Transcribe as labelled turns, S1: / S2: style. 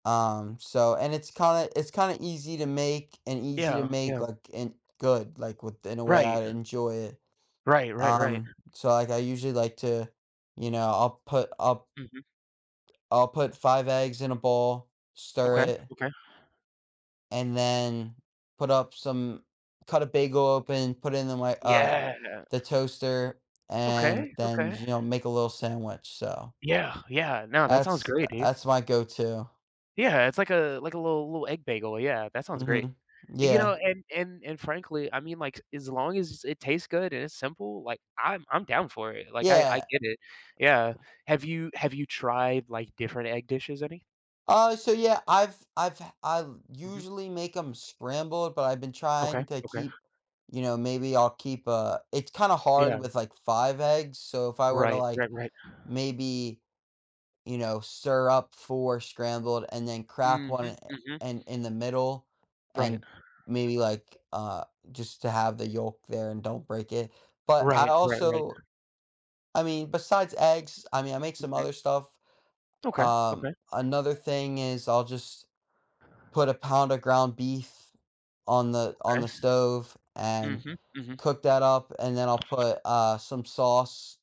S1: Um, so, and it's kinda it's kinda easy to make and easy to
S2: Yeah.
S1: make,
S2: Yeah.
S1: like, and good, like, within in a way
S2: Right.
S1: I'd enjoy it.
S2: Right. Right, right.
S1: Um, so, like, I usually like to, you know, I'll put I'll
S2: Mhm.
S1: I'll put 5 eggs in a bowl, stir
S2: Okay.
S1: it
S2: Okay.
S1: and then put up some cut a bagel open, put it in my, uh,
S2: Yeah.
S1: the toaster, and
S2: Okay.
S1: then,
S2: Okay.
S1: you know, make a little sandwich, so
S2: Yeah. Yeah. Now, that sounds
S1: that's
S2: great, dude.
S1: that's my go-to.
S2: Yeah, it's like a, like a little little egg bagel, yeah, that sounds great.
S1: Mhm.
S2: You
S1: Yeah.
S2: know, and and and frankly, I mean, like, as long as it tastes good and it's simple, like, I'm I'm down for it. Like, I I
S1: Yeah.
S2: get it. Yeah. Have you have you tried, like, different egg dishes, any?
S1: Uh, so yeah, I've I've I've
S2: Mhm.
S1: usually make them scrambled, but I've been trying
S2: Okay.
S1: to
S2: Okay.
S1: keep, you know, maybe I'll keep, uh, it's kinda hard
S2: Yeah.
S1: with, like, 5 eggs. So, if I were to,
S2: Right.
S1: like,
S2: Right. Right.
S1: maybe, you know, stir up 4 scrambled, and then crack
S2: Mhm.
S1: 1
S2: Mhm.
S1: in in the middle,
S2: Right.
S1: and maybe, like, uh, just to have the yolk there and don't break it. But I
S2: Right. Right. Right.
S1: also, I mean, besides eggs, I mean, I make some
S2: Mhm.
S1: other stuff.
S2: Okay.
S1: Um,
S2: Okay.
S1: another thing is I'll just put a pound of ground beef on the on
S2: Okay.
S1: the stove and
S2: Mhm. Mhm.
S1: cook that up, and then I'll put, uh, some sauce.